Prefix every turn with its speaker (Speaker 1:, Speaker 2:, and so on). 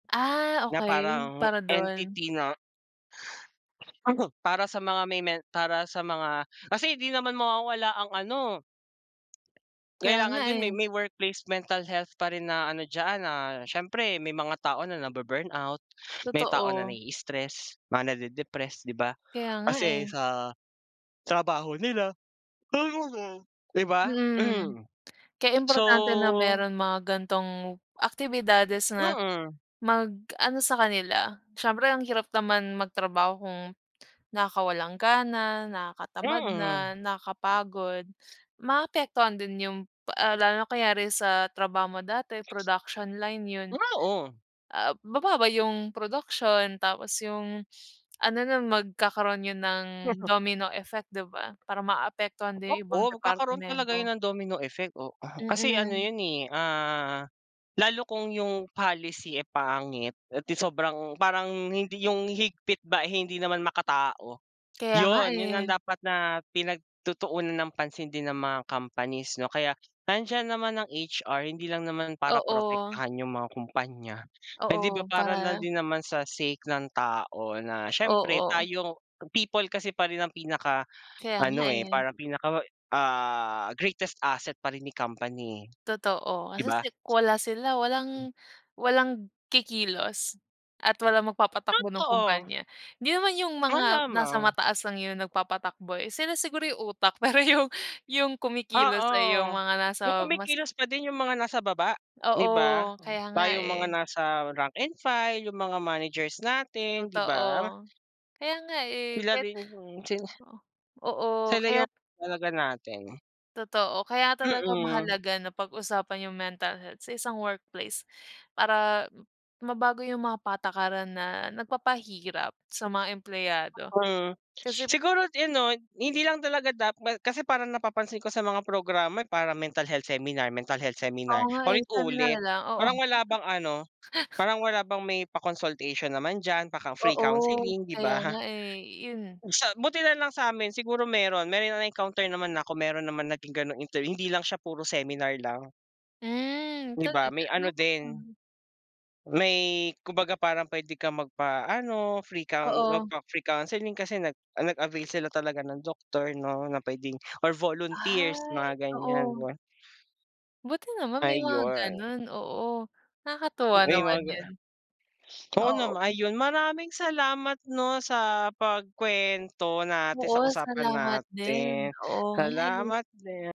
Speaker 1: Ah,
Speaker 2: Na
Speaker 1: okey.
Speaker 2: parang
Speaker 1: Para dun?
Speaker 2: entity na. Para sa mga may men para sa mga kasi di naman mawawala ang ano.
Speaker 1: Kaya nga
Speaker 2: Kailangan din may
Speaker 1: eh.
Speaker 2: may workplace mental health pa rin na ano diyan. Ah, siyempre may mga tao na nabu-burnout, may tao na
Speaker 1: Totoo.
Speaker 2: nai-stress, mga nade-depressed, di ba?
Speaker 1: Kaya nga
Speaker 2: Kasi
Speaker 1: eh.
Speaker 2: sa trabaho nila. [unintelligible] Di ba?
Speaker 1: Mm, kaya
Speaker 2: So
Speaker 1: importante na meron mga ganitong aktibidades na
Speaker 2: Mm.
Speaker 1: mag-ano sa kanila. Siyempre ang hirap naman magtrabaho kung nakakawalang gana, nakatamad
Speaker 2: Mm.
Speaker 1: na, nakakapagod, maapektuhan din yung, ah, lalo na kunyari sa trabaho mo dati
Speaker 2: Text.
Speaker 1: production line yun,
Speaker 2: Oo.
Speaker 1: ah, bababa yung production tapos yung ano na magkakaroon yun ng domino effect, di ba, parang maapektuhan din yung ibang
Speaker 2: Oo, magkakaroon talaga
Speaker 1: departamento.
Speaker 2: yun ng domino effect, oo. Kasi ano
Speaker 1: Mm.
Speaker 2: yun eh, ah, lalo kung yung policy eh pangit at sobrang parang hindi yung higpit ba, eh hindi naman makatao,
Speaker 1: Kaya nga
Speaker 2: yun, yun ang
Speaker 1: eh.
Speaker 2: dapat na pinagtutuunan ng pansin din ng mga companies, 'no? Kaya nandiyan naman ang HR, hindi lang naman para
Speaker 1: Oo.
Speaker 2: protektahan yung mga kumpanya, hindi ba
Speaker 1: Oo,
Speaker 2: para na
Speaker 1: para
Speaker 2: din naman sa sake ng tao na siyempre
Speaker 1: Oo.
Speaker 2: tayo, people kasi pa rin ang pinakaano
Speaker 1: Kaya nga
Speaker 2: eh,
Speaker 1: eh.
Speaker 2: parang pinaka, ah, greatest asset pa rin ni company,
Speaker 1: Totoo.
Speaker 2: di
Speaker 1: Kasi
Speaker 2: ba?
Speaker 1: si kung wala sila,
Speaker 2: Hmm.
Speaker 1: walang walang kikilos at walang magpapatakbo ng
Speaker 2: Totoo.
Speaker 1: kumpanya. Hindi naman yung mga nasa
Speaker 2: Malamang.
Speaker 1: mataas lang yung nagpapatakbo eh. Sila siguro yung utak pero yung yung kumikilos ay yung
Speaker 2: Oo,
Speaker 1: mga nasa
Speaker 2: yung
Speaker 1: mas
Speaker 2: kumikilos pa din yung mga nasa baba, di ba?
Speaker 1: Oo, kaya nga
Speaker 2: Tayong mga
Speaker 1: eh.
Speaker 2: nasa rank and file, yung mga managers natin, di
Speaker 1: Totoo.
Speaker 2: ba?
Speaker 1: Kaya nga eh.
Speaker 2: Sila
Speaker 1: Kaya't
Speaker 2: rin, mm, sila
Speaker 1: oo, oo.
Speaker 2: Sila yung
Speaker 1: Kaya't
Speaker 2: talaga natin.
Speaker 1: Totoo. Kaya talaga
Speaker 2: Mm.
Speaker 1: mahalaga na pag-usapan yung mental health sa isang workplace para mabago yung mga patakaran na nagpapahirap sa mga empleyado.
Speaker 2: Mm,
Speaker 1: Kasi
Speaker 2: siguro yun, 'no, hindi lang talaga kasi parang napapansin ko sa mga programa para mental health seminar, mental health
Speaker 1: Oo
Speaker 2: seminar,
Speaker 1: nga eh. Sabi nga
Speaker 2: paulit-ulit,
Speaker 1: nila, oo.
Speaker 2: parang wala bang ano, parang wala bang may pa-consultation naman diyan, paka free
Speaker 1: Oo,
Speaker 2: counseling, di
Speaker 1: kaya
Speaker 2: ba?
Speaker 1: nga eh, yun.
Speaker 2: Sa buti nalang sa'min siguro meron, meron na-encounter naman na ako kung meron naman naging gano'ng inter hindi lang siya puro seminar lang.
Speaker 1: Hmm,
Speaker 2: Di ba,
Speaker 1: talaga,
Speaker 2: may
Speaker 1: no
Speaker 2: ano din,
Speaker 1: [unintelligible]
Speaker 2: may kumbaga parang puwede kang magpaano, free coun
Speaker 1: Oo.
Speaker 2: magpa-free counseling kasi nag nag-avail sila talaga ng doktor 'no, na puwedeng or volunteers,
Speaker 1: Ay,
Speaker 2: mga ganiyan
Speaker 1: oo.
Speaker 2: ba.
Speaker 1: Buti naman may mga
Speaker 2: Ayon.
Speaker 1: ganun, oo. Nakakatuwa
Speaker 2: Oo, yung
Speaker 1: naman
Speaker 2: mga ga,
Speaker 1: yun.
Speaker 2: ah Oo naman,
Speaker 1: Oo.
Speaker 2: ayun, maraming salamat 'no sa pagkuwento natin,
Speaker 1: Oo,
Speaker 2: sa usapan
Speaker 1: salamat din.
Speaker 2: natin.
Speaker 1: Oo nga eh.
Speaker 2: Salamat din.